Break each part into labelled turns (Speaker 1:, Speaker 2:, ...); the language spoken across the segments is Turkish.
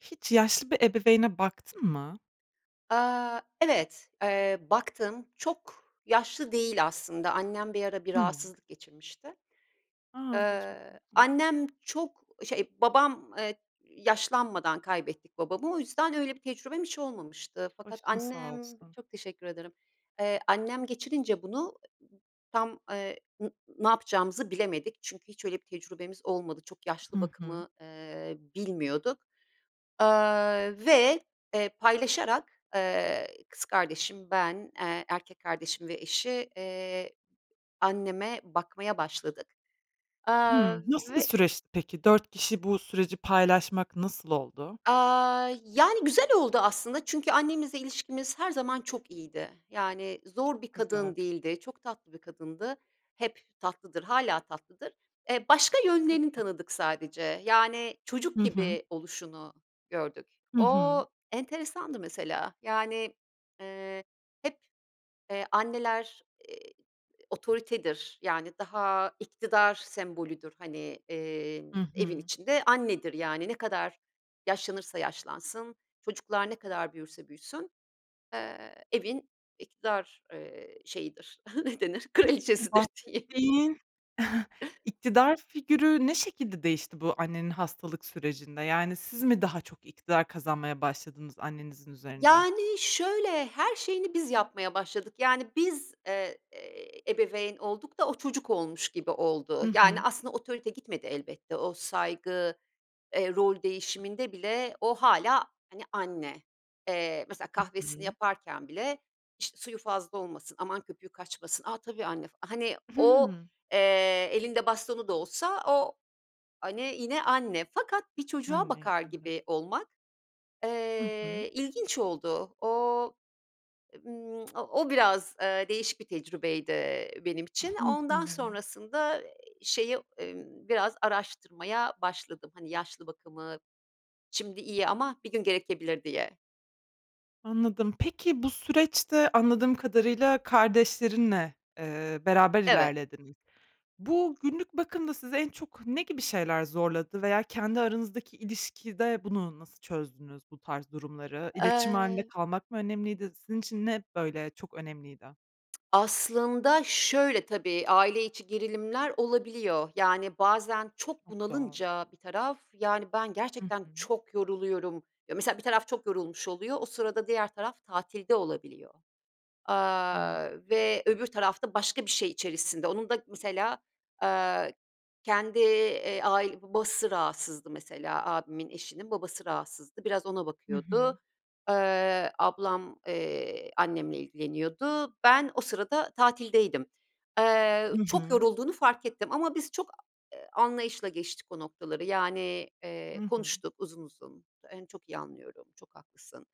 Speaker 1: Hiç yaşlı bir ebeveyne baktın mı?
Speaker 2: Aaa, evet, eee, baktım çok yaşlı değil aslında, annem bir ara bir
Speaker 1: Hımm.
Speaker 2: rahatsızlık geçirmişti.
Speaker 1: A! Geçmiş
Speaker 2: Eee,
Speaker 1: olsun.
Speaker 2: annem çok e şey babam eee, yaşlanmadan kaybettik babamı o yüzden öyle bir tecrübem hiç olmamıştı. Fakat
Speaker 1: Başın sağ
Speaker 2: annem
Speaker 1: olsun.
Speaker 2: çok teşekkür ederim, eee, annem geçirince bunu ı tam, eee, n ne yapacağımızı bilemedik çünkü hiç öyle bir tecrübemiz olmadı. Çok yaşlı
Speaker 1: Hı hı.
Speaker 2: bakımı, eee, bilmiyorduk, eee, ve, eee, paylaşarak, eee, kız kardeşim, ben, eee, erkek kardeşim ve eşi, eee, anneme bakmaya başladık, eee,
Speaker 1: Hımm, nasıl bir
Speaker 2: ve
Speaker 1: süreçti peki? 4 kişi bu süreci paylaşmak nasıl oldu?
Speaker 2: Aaa, yani, güzel oldu aslında. Çünkü annemizle ilişkimiz her zaman çok iyiydi. Yani
Speaker 1: Çok
Speaker 2: zor bir
Speaker 1: güzel.
Speaker 2: kadın değildi. Çok tatlı bir kadındı. Hep tatlıdır hâlâ tatlıdır. Eee, başka
Speaker 1: Hı
Speaker 2: yönlerini
Speaker 1: hı.
Speaker 2: tanıdık sadece. Yani çocuk
Speaker 1: Hı hı.
Speaker 2: gibi oluşunu gördük.
Speaker 1: Hı
Speaker 2: O
Speaker 1: hı.
Speaker 2: enteresandı mesela. Yani, eee, hep, eee, anneler, eee, otoritedir, yani daha iktidar sembolüdür, hani, eee,
Speaker 1: Hı
Speaker 2: evin
Speaker 1: hı.
Speaker 2: içinde annedir yani ne kadar yaşlanırsa yaşlansın, çocuklar ne kadar büyürse büyüsün, eee, evin iktidar, eee, şeyidir, ne denir,
Speaker 1: Peki bu
Speaker 2: kraliçesidir diyeyim.
Speaker 1: bahsettiğin iktidar figürü ne şekilde değişti bu annenin hastalık sürecinde, yani, siz mi daha çok iktidar kazanmaya başladınız annenizin üzerinde?
Speaker 2: Yani, şöyle, her şeyini biz yapmaya başladık. Yani biz, eee, eee, ebeveyn olduk da o çocuk olmuş gibi oldu.
Speaker 1: Hı
Speaker 2: Yani,
Speaker 1: hı.
Speaker 2: aslında otorite gitmedi elbette o saygı, eee, rol değişiminde bile o hâlâ, hani, anne. Eee, mesela
Speaker 1: Hı
Speaker 2: kahvesini
Speaker 1: hı.
Speaker 2: yaparken bile, işte, suyu fazla olmasın, aman köpüğü kaçmasın. A! Tabii anne f Hani, o,
Speaker 1: Hıı.
Speaker 2: eee, elinde bastonu da olsa o, hani, yine anne fakat bir çocuğa
Speaker 1: Anne.
Speaker 2: bakar
Speaker 1: [unintelligible]
Speaker 2: gibi olmak,
Speaker 1: Hı hı.
Speaker 2: eee, ilginç oldu. Ooo, ımm, o biraz, eee, değişik bir tecrübeydi, eee, benim için.
Speaker 1: Hı hı.
Speaker 2: Ondan sonrasında şeyi, ımm, biraz araştırmaya başladım. Hani, yaşlı bakımı. Şimdi iyi ama bir gün gerekebilir diye.
Speaker 1: Anladım. Peki bu süreçte anladığım kadarıyla kardeşlerinle, ııı, beraber
Speaker 2: Evet.
Speaker 1: ilerlediniz. Bu günlük bakımda sizi en çok ne gibi şeyler zorladı veya kendi aranızdaki ilişkide bunu nasıl çözdünüz bu tarz durumları? İletişim hâlinde
Speaker 2: Eee
Speaker 1: kalmak mı önemliydi? Sizin için ne, böyle, çok önemliydi?
Speaker 2: Aslında şöyle: Tabii, aile içi gerilimler olabiliyor. Yani bazen çok
Speaker 1: Çok doğal.
Speaker 2: bunalınca bir taraf, yani ben
Speaker 1: Hı
Speaker 2: gerçekten
Speaker 1: hı.
Speaker 2: çok yoruluyorum Ya, mesela bir taraf çok yorulmuş oluyor, o sırada diğer taraf tatilde olabiliyor,
Speaker 1: Evet.
Speaker 2: aaa, ve öbür taraf da başka bir şey içerisinde. Onun da mesela, aaa, kendi, iii, ai babası rahatsızdı mesela. Abimin eşinin babası rahatsızdı. Biraz ona
Speaker 1: Hı hı.
Speaker 2: bakıyordu. Iıı, ablam, iii, annemle ilgileniyordu. Ben o sırada tatildeydim. Eee,
Speaker 1: Hı
Speaker 2: çok
Speaker 1: hı.
Speaker 2: yorulduğunu fark ettim ama biz çok a e i anlayışla geçtik o noktaları. Yani, ııı,
Speaker 1: Hı hı.
Speaker 2: konuştuk uzun uzun. Onu çok iyi anlıyorum, çok haklısın.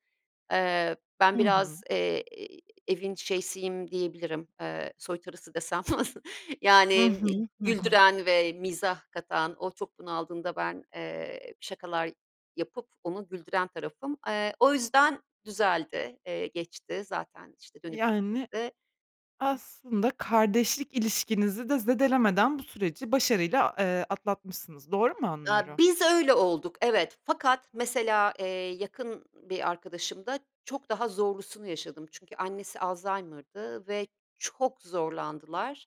Speaker 2: Eee, ben
Speaker 1: Hı hı.
Speaker 2: biraz, iii, evin şeysiyim diyebilirim, eee, "soytarısı" desem.
Speaker 1: Hı
Speaker 2: Yani
Speaker 1: hı, hı hı.
Speaker 2: güldüren ve mizah katan, o çok bunaldığında ben, eee, şakalar yapıp onu güldüren tarafım. Eee, o yüzden düzeldi. Iıı, geçti zaten, işte, dönüp
Speaker 1: Yani,
Speaker 2: gittiğinde
Speaker 1: aslında kardeşlik ilişkinizi de zedelemeden bu süreci başarıyla, eee, atlatmışsınız. Doğru mu
Speaker 2: Aaa,
Speaker 1: anlıyorum?
Speaker 2: biz öyle olduk, evet. Fakat mesela, iii, yakın bir arkadaşımda çok daha zorlusunu yaşadım. Çünkü annesi Alzheimer'dı ve çok zorlandılar,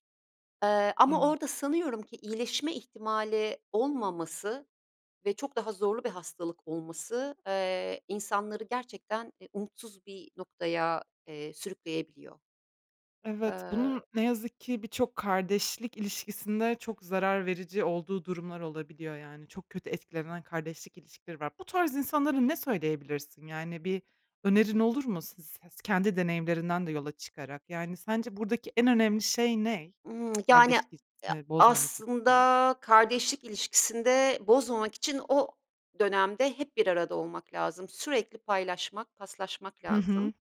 Speaker 2: eee, ama
Speaker 1: Evet.
Speaker 2: orada sanıyorum ki iyileşme ihtimali olmaması ve çok daha zorlu bir hastalık olması, eee, insanları gerçekten, iii, umutsuz bir noktaya, eee, sürükleyebiliyor.
Speaker 1: Evet, bunun
Speaker 2: Iıı
Speaker 1: ne yazık ki birçok kardeşlik ilişkisinde çok zarar verici olduğu durumlar olabiliyor, yani. Çok kötü etkilenen kardeşlik ilişkileri var. Bu tarz insanlara ne söyleyebilirsin, yani, bir önerin olur mu? Si ses kendi deneyimlerinden de yola çıkarak. Yani, sence buradaki en önemli şey ne?
Speaker 2: Imm. Yani,
Speaker 1: Kardeş
Speaker 2: e
Speaker 1: ilişkisini bozmamak açısından?
Speaker 2: aslında kardeşlik ilişkisini de bozmamak için o dönemde hep bir arada olmak lazım. Sürekli paylaşmak, paslaşmak
Speaker 1: Hı
Speaker 2: lazım.
Speaker 1: hı.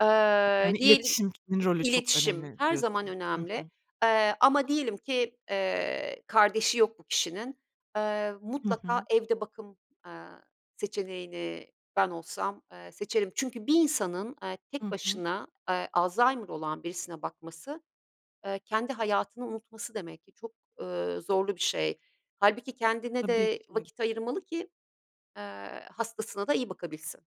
Speaker 2: Eee,
Speaker 1: Yani,
Speaker 2: diyelim
Speaker 1: iletişimin rolü çok
Speaker 2: İletişim
Speaker 1: önemli
Speaker 2: her zaman
Speaker 1: diyorsun. Hı
Speaker 2: önemli,
Speaker 1: hı.
Speaker 2: eee, ama diyelim ki, eee, kardeşi yok bu kişinin. Eee,
Speaker 1: Hı
Speaker 2: mutlaka
Speaker 1: hı.
Speaker 2: evde bakım, eee, seçeneğini ben olsam, eee, seçerim. Çünkü bir insanın, eee, tek
Speaker 1: Hı hı.
Speaker 2: başına, eee, alzaymır olan birisine bakması, eee, kendi hayatını unutması demek ki çok, ııı, zorlu bir şey. Hâlbuki kendine
Speaker 1: Tabii
Speaker 2: de
Speaker 1: ki.
Speaker 2: vakit ayırmalı ki, eee, hastasına da iyi bakabilsin.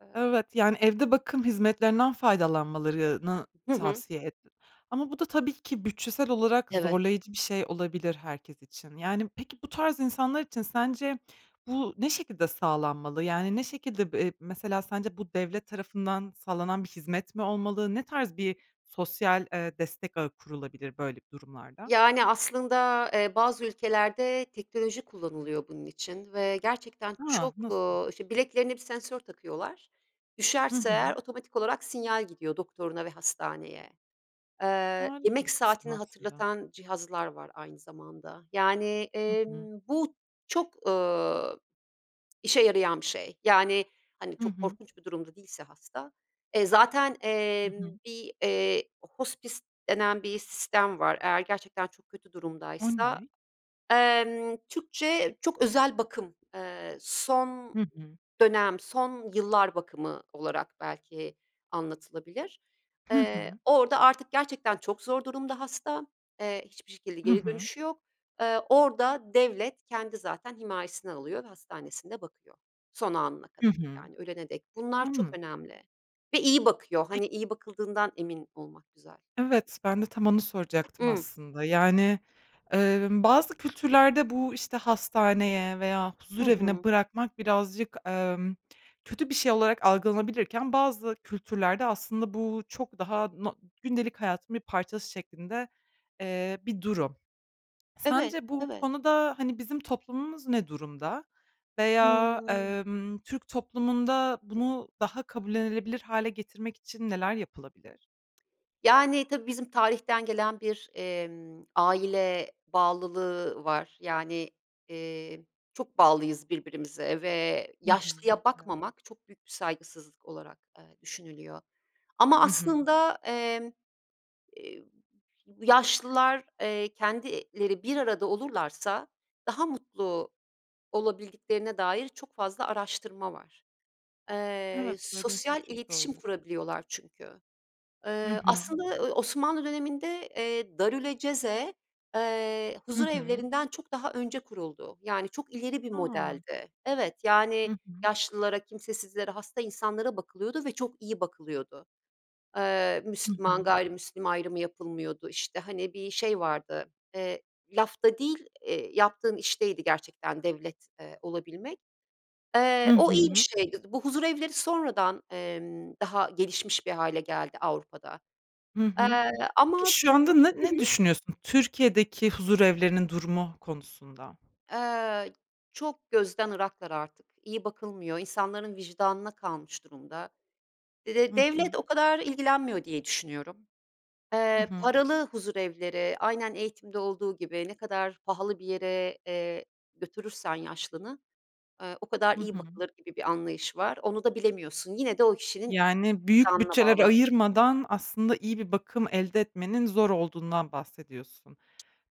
Speaker 2: Eee
Speaker 1: Evet, yani, evde bakım hizmetlerinden faydalanmalarını
Speaker 2: Hı hı.
Speaker 1: tavsiye ettin. Ama bu da tabii ki bütçesel olarak
Speaker 2: Evet.
Speaker 1: zorlayıcı bir şey olabilir herkes için. Yani, peki bu tarz insanlar için sence bu ne şekilde sağlanmalı? Yani, ne şekilde, b eee, mesela sence bu devlet tarafından sağlanan bir hizmet mi olmalı? Ne tarz bir sosyal, eee, destek ağı kurulabilir böyle b durumlarda?
Speaker 2: Yani, aslında, eee, bazı ülkelerde teknoloji kullanılıyor bunun için ve gerçekten
Speaker 1: A!
Speaker 2: çok
Speaker 1: Nasıl?
Speaker 2: ııı, işte, bileklerine bir sensör takıyorlar,
Speaker 1: Hı
Speaker 2: düşerse eğer
Speaker 1: hı.
Speaker 2: otomatik olarak sinyal gidiyor doktoruna ve hastaneye. Eee,
Speaker 1: Harika
Speaker 2: yemek
Speaker 1: bir sistem
Speaker 2: saatini
Speaker 1: aslında.
Speaker 2: hatırlatan cihazlar var aynı zamanda, yani,
Speaker 1: Hı hı.
Speaker 2: emm, bu çok, ııı, işe yarayan bir şey, yani, hani,
Speaker 1: Hı
Speaker 2: çok
Speaker 1: hı.
Speaker 2: korkunç bir durumda değilse hasta e zaten,
Speaker 1: Hı hı.
Speaker 2: emm, bir, eee, hospice denen bir sistem var eğer gerçekten çok kötü
Speaker 1: O
Speaker 2: durumdaysa
Speaker 1: ne?
Speaker 2: emm, Türkçe çok özel bakım, eee, son
Speaker 1: Hı hı.
Speaker 2: dönem, son yıllar bakımı olarak belki anlatılabilir.
Speaker 1: Hı
Speaker 2: Eee,
Speaker 1: hı.
Speaker 2: orada artık gerçekten çok zor durumda hasta, eee, hiçbir şekilde
Speaker 1: Hı
Speaker 2: geri
Speaker 1: hı.
Speaker 2: dönüşü yok. Eee, orada devlet kendi zaten himayesine alıyor ve hastanesinde bakıyor son anına
Speaker 1: Hı
Speaker 2: kadar,
Speaker 1: hı.
Speaker 2: yani, ölene dek. Bunlar çok
Speaker 1: Anladım.
Speaker 2: önemli ve iyi bakıyor, hani, iyi bakıldığından emin olmak güzel.
Speaker 1: Evet, ben de tam onu soracaktım
Speaker 2: Imm.
Speaker 1: aslında. Yani, emm, bazı kültürlerde bu, işte, hastaneye veya
Speaker 2: Hı hı.
Speaker 1: huzurevine bırakmak birazcık, emm, kötü bir şey olarak algılanabilirken bazı kültürlerde aslında bu çok daha no gündelik hayatın bir parçası şeklinde, eee, bir durum.
Speaker 2: Evet,
Speaker 1: Sence bu
Speaker 2: evet.
Speaker 1: konuda, hani, bizim toplumumuz ne durumda veya,
Speaker 2: Hımm.
Speaker 1: emm, Türk toplumunda bunu daha kabullenilebilir hâle getirmek için neler yapılabilir?
Speaker 2: Yani, tabii bizim tarihten gelen bir, emm, aile bağlılığı var, yani, eee, çok bağlıyız birbirimize ve
Speaker 1: Hı hı
Speaker 2: yaşlıya
Speaker 1: [unintelligible]
Speaker 2: bakmamak çok büyük bir saygısızlık olarak, eee, düşünülüyor ama
Speaker 1: Hı hı.
Speaker 2: aslında, emm, eee, yaşlılar, eee, kendileri bir arada olurlarsa daha mutlu olabildiklerine dair çok fazla araştırma var. Eee,
Speaker 1: Evet, dediğin şey
Speaker 2: sosyal
Speaker 1: çok
Speaker 2: iletişim
Speaker 1: doğru.
Speaker 2: kurabiliyorlar çünkü.
Speaker 1: Hı
Speaker 2: Iıı,
Speaker 1: hı.
Speaker 2: aslında ı Osmanlı döneminde, eee, darülaceze, eee,
Speaker 1: Hı hı.
Speaker 2: huzurevlerinden çok daha önce kuruldu, yani, çok ileri bir
Speaker 1: A!
Speaker 2: modeldi. Evet, yani,
Speaker 1: Hı hı.
Speaker 2: yaşlılara, kimsesizlere, hasta insanlara bakılıyordu ve çok iyi bakılıyordu. Eee,
Speaker 1: Hı
Speaker 2: Müslüman
Speaker 1: hı.
Speaker 2: gayrimüslim ayrımı yapılmıyordu. İşte, hani, bir şey vardı. Eee, lafta değil, eee, yaptığın işteydi gerçekten devlet, eee, olabilmek.
Speaker 1: Hı
Speaker 2: Eee, o iyi bir
Speaker 1: hı.
Speaker 2: şeydi, bu huzurevleri sonradan, emm, daha gelişmiş bir hâle geldi Avrupa'da.
Speaker 1: Hı hı.
Speaker 2: Eee,
Speaker 1: Peki
Speaker 2: ama
Speaker 1: şu
Speaker 2: biz
Speaker 1: anda ne
Speaker 2: Hı
Speaker 1: ne
Speaker 2: hı
Speaker 1: düşünüyorsun Türkiye'deki huzurevlerinin durumu konusunda?
Speaker 2: Eee, çok gözden ıraklar artık, iyi bakılmıyor, insanların vicdanına kalmış durumda. De de
Speaker 1: Hı hı.
Speaker 2: devlet o kadar ilgilenmiyor diye düşünüyorum.
Speaker 1: Hı
Speaker 2: Eee,
Speaker 1: hı.
Speaker 2: paralı huzurevleri, aynen eğitimde olduğu gibi ne kadar pahalı bir yere, eee, götürürsen yaşlını, eee, o kadar
Speaker 1: Hı
Speaker 2: iyi
Speaker 1: hı.
Speaker 2: bakılır gibi bir anlayış var, onu da bilemiyorsun. Yine de o kişinin
Speaker 1: Yani, büyük
Speaker 2: vicdanına
Speaker 1: bütçeler
Speaker 2: bağlı.
Speaker 1: ayırmadan aslında iyi bir bakım elde etmenin zor olduğundan bahsediyorsun.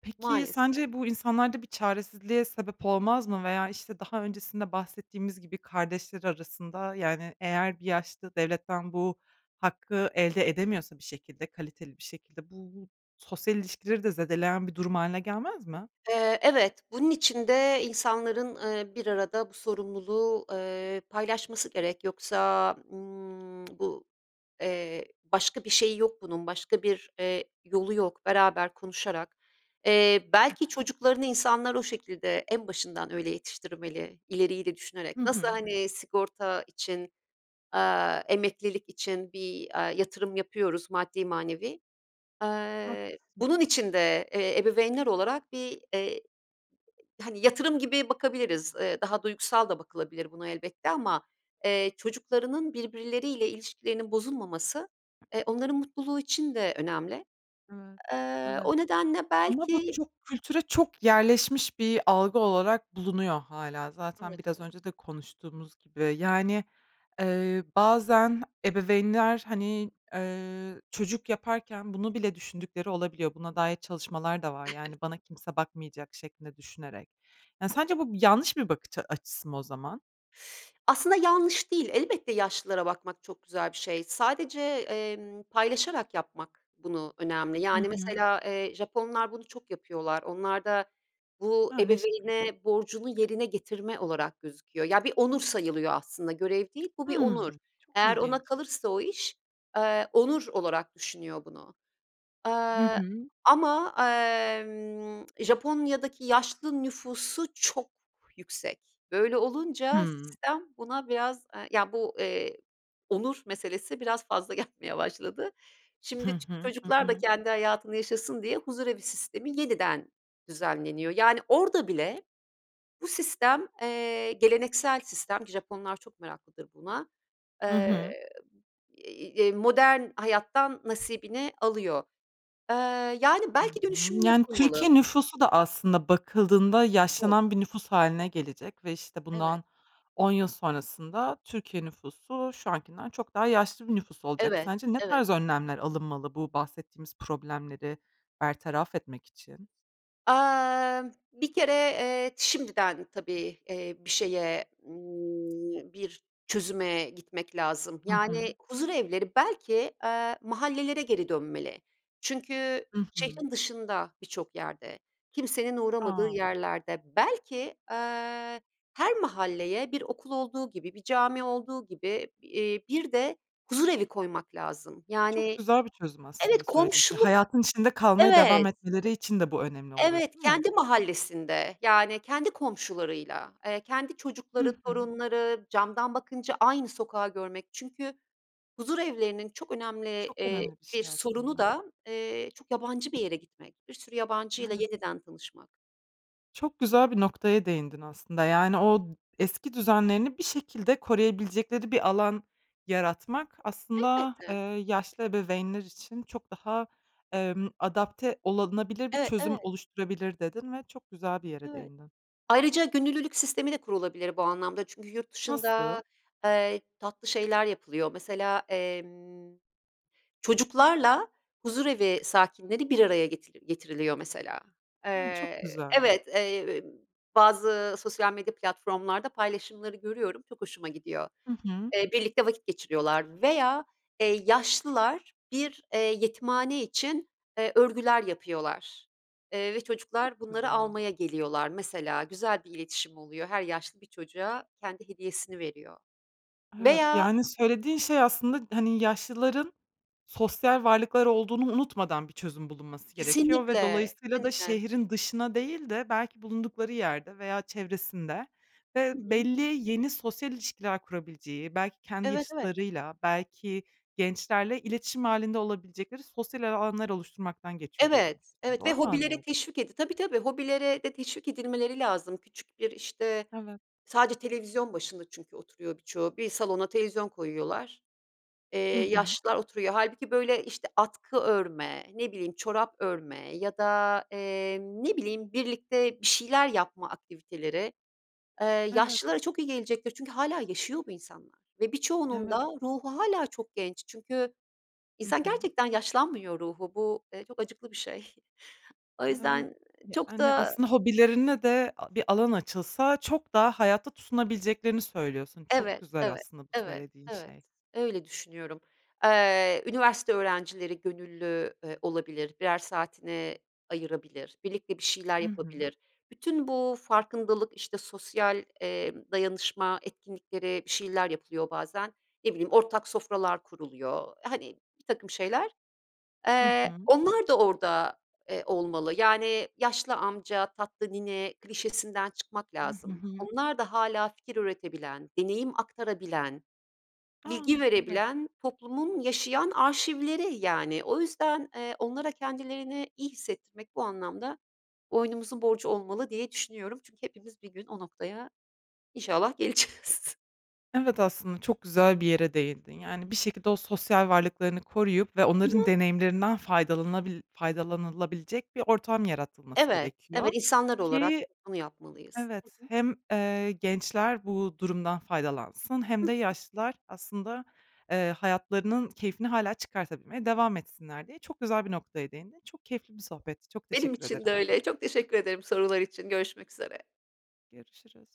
Speaker 1: Peki,
Speaker 2: Maalesef.
Speaker 1: sence bu insanlarda bir çaresizliğe sebep olmaz mı veya, işte, daha öncesinde bahsettiğimiz gibi kardeşler arasında, yani, eğer bir yaşlı devletten bu hakkı elde edemiyorsa bir şekilde, kaliteli bir şekilde, bu sosyal ilişkileri de zedeleyen bir durum hâline gelmez mi?
Speaker 2: Eee, evet, bunun için de insanların, ııı, bir arada bu sorumluluğu, eee, paylaşması gerek yoksa, ımm, bu, eee, başka bir şeyi yok bunun başka bir, eee, yolu yok beraber konuşarak. Eee, belki çocuklarını insanlar o şekilde en başından öyle yetiştirmeli ileriyi de düşünerek
Speaker 1: Hı
Speaker 2: nasıl,
Speaker 1: hı.
Speaker 2: hani, sigorta için, aaa, emeklilik için bir, aaa, yatırım yapıyoruz, maddi manevi. Eee,
Speaker 1: Haklısın.
Speaker 2: bunun için de, eee, ebeveynler olarak bir, eee, hani, yatırım gibi bakabiliriz, ııı, daha duygusal da bakılabilir buna elbette ama, eee, çocuklarının birbirleriyle ilişkilerinin bozulmaması, eee, onların mutluluğu için de önemli.
Speaker 1: Evet,
Speaker 2: Eee,
Speaker 1: evet.
Speaker 2: o nedenle
Speaker 1: Ama bu
Speaker 2: belki
Speaker 1: çok kültüre çok yerleşmiş bir algı olarak bulunuyor hâlâ. Zaten
Speaker 2: Evet.
Speaker 1: biraz
Speaker 2: Evet.
Speaker 1: önce de konuştuğumuz gibi. Yani, eee, bazen ebeveynler, hani, eee, çocuk yaparken bunu bile düşündükleri olabiliyor. Buna dair çalışmalar da var, yani, bana kimse bakmayacak şeklinde düşünerek. Ya sence bu bi yanlış bir bakış a açısı mı o zaman?
Speaker 2: Aslında yanlış değil elbette, yaşlılara bakmak çok güzel bir şey. Sadece, emm, paylaşarak yapmak bunu önemli.
Speaker 1: Hı
Speaker 2: Yani,
Speaker 1: hı.
Speaker 2: mesela, eee, Japonlar bunu çok yapıyorlar. Onlarda bu
Speaker 1: A! Ne şekilde?
Speaker 2: ebeveyne borcunu yerine getirme olarak gözüküyor. Ya bir onur sayılıyor aslında görev değil, bu bir onur.
Speaker 1: Hımm. Çok
Speaker 2: Eğer ona
Speaker 1: ilginç.
Speaker 2: kalırsa o iş, eee, onur olarak düşünüyor bunu.
Speaker 1: Hı
Speaker 2: Aaa,
Speaker 1: hı.
Speaker 2: ama, emm, Japonya'daki yaşlı nüfusu çok yüksek. Böyle olunca
Speaker 1: Hımm.
Speaker 2: sistem buna biraz, eee, ya bu, eee, onur meselesi biraz fazla gelmeye başladı.
Speaker 1: Hı
Speaker 2: Şimdi ç
Speaker 1: hı. Hı
Speaker 2: çocuklar da
Speaker 1: hı.
Speaker 2: kendi hayatını yaşasın diye huzurevi sistemi yeniden düzenleniyor. Yani, orada bile bu sistem, eee, geleneksel sistem ki Japonlar çok meraklıdır buna,
Speaker 1: Hı hı.
Speaker 2: eee, eee, modern hayattan nasibini alıyor. Eee, yani,
Speaker 1: Hı hı.
Speaker 2: belki dönüşümlü
Speaker 1: Yani, Türkiye
Speaker 2: yapılmalı.
Speaker 1: nüfusu da aslında bakıldığında
Speaker 2: Çok.
Speaker 1: yaşlanan bir nüfus hâline gelecek ve, işte,
Speaker 2: Evet.
Speaker 1: bundan 10 yıl sonrasında Türkiye nüfusu şu ankinden çok daha yaşlı bir nüfus olacak.
Speaker 2: Evet,
Speaker 1: Sence ne
Speaker 2: evet.
Speaker 1: tarz önlemler alınmalı bu bahsettiğimiz problemleri bertaraf etmek için?
Speaker 2: Amm, bir kere, eee, şimdiden tabii, eee, bir şeye, ımm, bir çözüme gitmek lazım.
Speaker 1: Hı
Speaker 2: Yani,
Speaker 1: hı.
Speaker 2: huzurevleri belki, eee, mahallelere geri dönmeli çünkü
Speaker 1: Hı hı.
Speaker 2: şehrin dışında birçok yerde, kimsenin uğramadığı
Speaker 1: A!
Speaker 2: yerlerde belki, eee, her mahalleye bir okul olduğu gibi, bir cami olduğu gibi, eee, bir de huzurevi koymak lazım.
Speaker 1: Çok
Speaker 2: Yani,
Speaker 1: güzel bir çözüm
Speaker 2: evet,
Speaker 1: aslında söylediğin şey.
Speaker 2: komşuluk
Speaker 1: Hayatın içinde kalmaya devam
Speaker 2: evet.
Speaker 1: etmeleri için de bu önemli olur
Speaker 2: Evet,
Speaker 1: değil mi?
Speaker 2: kendi mahallesinde, yani, kendi komşularıyla, eee, kendi
Speaker 1: Hı
Speaker 2: çocukları,
Speaker 1: hı.
Speaker 2: torunları camdan bakınca aynı sokağı görmek çünkü huzurevlerinin çok önemli,
Speaker 1: Çok
Speaker 2: eee,
Speaker 1: önemli bir
Speaker 2: bir
Speaker 1: şey
Speaker 2: sorunu
Speaker 1: aslında.
Speaker 2: da, eee, çok yabancı bir yere gitmek, bir sürü yabancıyla
Speaker 1: Evet.
Speaker 2: yeniden tanışmak.
Speaker 1: Çok güzel bir noktaya değindin, aslında. Yani, o d eski düzenlerini bir şekilde koruyabilecekleri bir alan yaratmak aslında, eee,
Speaker 2: Elbette.
Speaker 1: yaşlı ebeveynler için çok daha, emm, adapte olunabilir bir
Speaker 2: E,
Speaker 1: çözüm
Speaker 2: evet.
Speaker 1: oluşturabilir, dedin ve çok güzel bir yere
Speaker 2: Evet.
Speaker 1: değindin.
Speaker 2: Ayrıca gönüllülük sistemi de kurulabilir bu anlamda. Çünkü yurt
Speaker 1: Nasıl?
Speaker 2: dışında, eee, tatlı şeyler yapılıyor mesela, emm, çocuklarla huzurevi sakinleri bir araya getir getiriliyor, mesela.
Speaker 1: A, çok
Speaker 2: Eee,
Speaker 1: güzel!
Speaker 2: evet, eee, bazı sosyal medya platformlarda paylaşımları görüyorum, çok hoşuma gidiyor.
Speaker 1: I hı.
Speaker 2: Eee, birlikte vakit geçiriyorlar. Veya, eee, yaşlılar bir, eee, yetimhane için, eee, örgüler yapıyorlar, eee, ve
Speaker 1: Çok
Speaker 2: çocuklar bunları
Speaker 1: güzel.
Speaker 2: almaya geliyorlar. Mesela, güzel bir iletişim oluyor, her yaşlı bir çocuğa kendi hediyesini veriyor.
Speaker 1: Evet.
Speaker 2: Veya
Speaker 1: Yani, söylediğin şey aslında, hani, yaşlıların sosyal varlıklar olduğunu unutmadan bir çözüm bulunması gerekiyor ve
Speaker 2: Kesinlikle,
Speaker 1: dolayısıyla da
Speaker 2: [unintelligible]
Speaker 1: şehrin dışına değil de belki bulundukları yerde veya çevresinde ve
Speaker 2: Hı hı.
Speaker 1: belli, yeni sosyal ilişkiler kurabileceği, belki kendi
Speaker 2: Evet, evet.
Speaker 1: yaşıtlarıyla, belki gençlerle iletişim hâlinde olabilecekleri sosyal el alanlar oluşturmaktan geçiyor, diyorsun.
Speaker 2: Evet, evet. Ve
Speaker 1: Doğru mu
Speaker 2: hobilere
Speaker 1: anlıyorum?
Speaker 2: teşvik edi Tabii, tabii, hobilere de teşvik edilmeleri lazım küçük bir, işte
Speaker 1: Evet.
Speaker 2: Sadece televizyon başında çünkü oturuyor birçoğu. Bir salona televizyon koyuyorlar, eee,
Speaker 1: Hı hı.
Speaker 2: yaşlılar oturuyor. Hâlbuki böyle, işte, atkı örme, ne bileyim, çorap örme ya da, eee, ne bileyim, birlikte bir şeyler yapma aktiviteleri, ııı,
Speaker 1: Evet.
Speaker 2: yaşlılara çok iyi gelecektir. Çünkü hâlâ yaşıyor bu insanlar. Ve birçoğunun
Speaker 1: Evet.
Speaker 2: da ruhu hâlâ çok genç çünkü
Speaker 1: Hı
Speaker 2: insan
Speaker 1: hı.
Speaker 2: gerçekten yaşlanmıyor ruhu. Bu, eee, çok acıklı bir şey. O
Speaker 1: Evet.
Speaker 2: yüzden çok
Speaker 1: Yani,
Speaker 2: da
Speaker 1: aslında hobilerine de a bir alan açılsa çok daha hayata tutunabileceklerini söylüyorsun. Çok
Speaker 2: Evet,
Speaker 1: güzel
Speaker 2: evet,
Speaker 1: aslında bu
Speaker 2: evet,
Speaker 1: söylediğin
Speaker 2: evet.
Speaker 1: şey.
Speaker 2: Öyle düşünüyorum. Eee, üniversite öğrencileri gönüllü, eee, olabilir, birer saatini ayırabilir, birlikte bir şeyler
Speaker 1: Hı hı.
Speaker 2: yapabilir. Bütün bu farkındalık, işte, sosyal, emm, dayanışma etkinlikleri bir şeyler yapılıyor bazen. Ne bileyim, ortak sofralar kuruluyor, hani, birtakım şeyler.
Speaker 1: Hı
Speaker 2: Eee,
Speaker 1: hı.
Speaker 2: onlar da orada, eee, olmalı. Yani, yaşlı amca, tatlı nine klişesinden çıkmak
Speaker 1: Hı, hı
Speaker 2: lazım.
Speaker 1: hı.
Speaker 2: Onlar da hâlâ fikir üretebilen, deneyim aktarabilen, bilgi
Speaker 1: A, evet!
Speaker 2: verebilen, toplumun yaşayan arşivleri yani. O yüzden, eee, onlara kendilerini iyi hissettirmek bu anlamda boynumuzun borcu olmalı diye düşünüyorum. Çünkü hepimiz bir gün o noktaya inşallah geleceğiz.
Speaker 1: Evet, aslında çok güzel bir yere değindin. Yani, bir şekilde o sosyal varlıklarını koruyup ve
Speaker 2: Hı
Speaker 1: onların
Speaker 2: hı.
Speaker 1: deneyimlerinden faydalanabil faydalanılabilecek bir ortam yaratılması
Speaker 2: Evet. Evet,
Speaker 1: gerekiyor
Speaker 2: insanlar olarak
Speaker 1: ki
Speaker 2: biz bunu yapmalıyız.
Speaker 1: Evet.
Speaker 2: Hı hı.
Speaker 1: Hem, eee, gençler bu durumdan faydalansın
Speaker 2: Hı
Speaker 1: hem de
Speaker 2: hı.
Speaker 1: yaşlılar aslında, eee, hayatlarının keyfini hâlâ çıkartabilmeye devam etsinler, diye çok güzel bir noktaya değindin. Çok keyifli bir sohbetti, çok
Speaker 2: Benim
Speaker 1: teşekkür
Speaker 2: için de
Speaker 1: ederim.
Speaker 2: öyle. Çok teşekkür ederim sorular için. Görüşmek üzere.
Speaker 1: Görüşürüz.